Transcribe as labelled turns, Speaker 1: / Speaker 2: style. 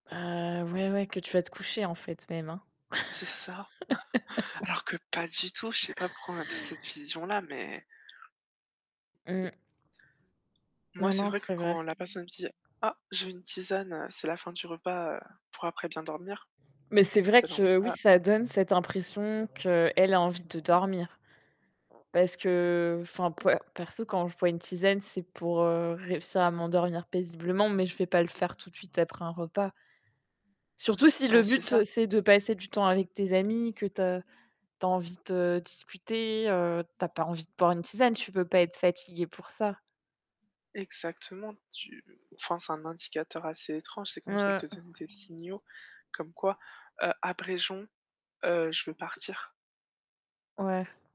Speaker 1: Heu, ouais, ouais, que tu vas te coucher, en fait, même, hein?
Speaker 2: C'est ça. Alors que pas du tout, je sais pas pourquoi on a toute cette vision-là, mais
Speaker 1: Mmh.
Speaker 2: moi,
Speaker 1: Non,
Speaker 2: c'est
Speaker 1: non,
Speaker 2: vrai que
Speaker 1: c'est vrai.
Speaker 2: quand la personne me dit: «Ah, je veux une tisane, heu, c'est la fin du repas, heu, pour après bien dormir».
Speaker 1: Mais c'est vrai
Speaker 2: Tu es là, on
Speaker 1: que, oui,
Speaker 2: ah.
Speaker 1: ça donne cette impression qu'elle a envie de dormir parce que enfin, per perso, quand je bois une tisane, c'est pour, heu, réussir à m'endormir paisiblement mais je vais pas le faire tout de suite après un repas surtout si le
Speaker 2: Bah, c'est ça.
Speaker 1: but, c'est de passer du temps avec tes amis, que tu as tu as envie de discuter, tu as pas envie de boire une tisane, tu veux pas être fatigué pour ça.
Speaker 2: Exactement, tu enfin, c'est un indicateur assez étrange, c'est comme si elle te
Speaker 1: Mouais.
Speaker 2: donne des signaux comme quoi, heu: «Abrégeons, heu, je veux partir!»
Speaker 1: Ouais.